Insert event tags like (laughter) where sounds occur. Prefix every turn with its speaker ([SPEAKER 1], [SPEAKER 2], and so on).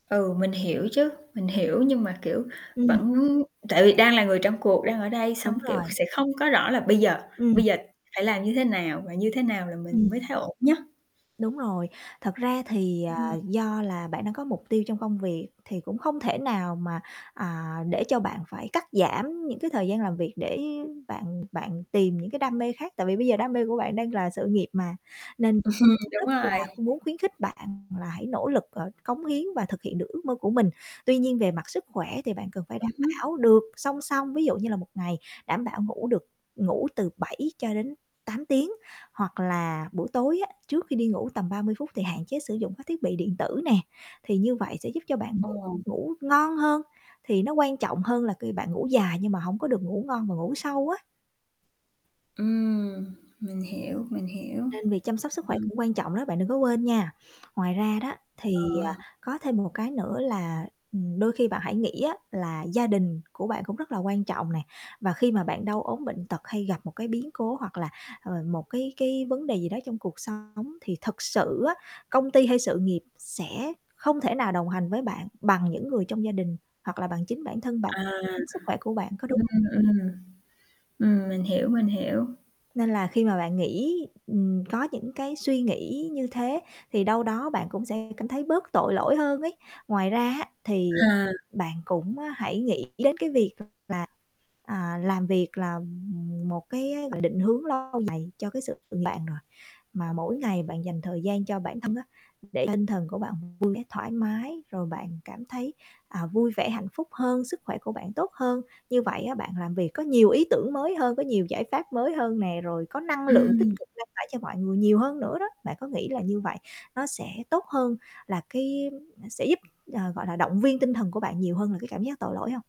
[SPEAKER 1] Ừ, mình hiểu chứ, mình hiểu. Nhưng mà, kiểu,
[SPEAKER 2] Ừm.
[SPEAKER 1] vẫn tại vì đang là người trong cuộc, đang ở đây, xong,
[SPEAKER 2] Đúng
[SPEAKER 1] kiểu,
[SPEAKER 2] rồi.
[SPEAKER 1] sẽ không có rõ là bây giờ
[SPEAKER 2] Ừm.
[SPEAKER 1] bây giờ phải làm như thế nào và như thế nào là mình
[SPEAKER 2] Ừm.
[SPEAKER 1] mới thấy ổn nhất.
[SPEAKER 2] Đúng rồi, thật ra thì, ờ,
[SPEAKER 1] Ừm.
[SPEAKER 2] do là bạn đang có mục tiêu trong công việc, thì cũng không thể nào mà, à, để cho bạn phải cắt giảm những cái thời gian làm việc, để bạn bạn tìm những cái đam mê khác, tại vì bây giờ đam mê của bạn đang là sự nghiệp mà, nên mình
[SPEAKER 1] (chuckles)
[SPEAKER 2] cũng
[SPEAKER 1] Đúng
[SPEAKER 2] rất là
[SPEAKER 1] rồi.
[SPEAKER 2] muốn khuyến khích bạn là hãy nỗ lực, ờ, cống hiến và thực hiện được ước mơ của mình. Tuy nhiên về mặt sức khỏe thì bạn cần phải
[SPEAKER 1] Ừm
[SPEAKER 2] đảm
[SPEAKER 1] hứm.
[SPEAKER 2] bảo được song song, ví dụ như là một ngày đảm bảo ngủ được ngủ từ 7-8 tiếng. Hoặc là buổi tối á trước khi đi ngủ tầm 30 phút thì hạn chế sử dụng các thiết bị điện tử nè, thì như vậy sẽ giúp cho bạn ngủ
[SPEAKER 1] Ờ.
[SPEAKER 2] ngủ ngon hơn, thì nó quan trọng hơn là ki bạn ngủ dài nhưng mà hổng có được ngủ ngon và ngủ sâu á.
[SPEAKER 1] Ừm, mình hiểu, mình hiểu.
[SPEAKER 2] Nên việc chăm sóc sức khỏe
[SPEAKER 1] Ừm.
[SPEAKER 2] cũng quan trọng đó, bạn đừng có quên nha. Ngoài ra đó, thì,
[SPEAKER 1] Ờ.
[SPEAKER 2] à, có thêm một cái nữa là, ừm, đôi khi bạn hãy nghĩ á là gia đình của bạn cũng rất là quan trọng nè, và khi mà bạn đau ốm bệnh tật hay gặp một cái biến cố hoặc là, ờ, một, cái cái, vấn đề gì đó trong cuộc sống, thì thật sự á, công ty hay sự nghiệp sẽ không thể nào đồng hành với bạn bằng những người trong gia đình hoặc là bằng chính bản thân bạn,
[SPEAKER 1] À,
[SPEAKER 2] chính sức khỏe của bạn, có đúng
[SPEAKER 1] ừm,
[SPEAKER 2] hông nè?
[SPEAKER 1] ừm, ừm, mình hiểu, mình hiểu.
[SPEAKER 2] Nên là khi mà bạn nghĩ, ừm, có những cái suy nghĩ như thế, thì đâu đó bạn cũng sẽ cảm thấy bớt tội lỗi hơn ấy. Ngoài ra á thì
[SPEAKER 1] À.
[SPEAKER 2] bạn cũng, ơ, hãy nghĩ đến cái việc là, à, làm việc là, ừm, một cái, gọi là, định hướng lâu dài cho cái sự nghiệp bạn rồi, mà mỗi ngày bạn dành thời gian cho bản thân á, để tinh thần của bạn vui vẻ thoải mái, rồi bạn cảm thấy, à, vui vẻ hạnh phúc hơn, sức khỏe của bạn tốt hơn, như vậy á bạn làm việc có nhiều ý tưởng mới hơn, có nhiều giải pháp mới hơn nè, rồi có năng lượng tích
[SPEAKER 1] Ừm.
[SPEAKER 2] cực lan tỏa cho mọi người nhiều hơn nữa đó. Bạn có nghĩ là như vậy nó sẽ tốt hơn là cái à, sẽ giúp, ờ, gọi là, động viên tinh thần của bạn nhiều hơn là cái cảm giác tội lỗi hông?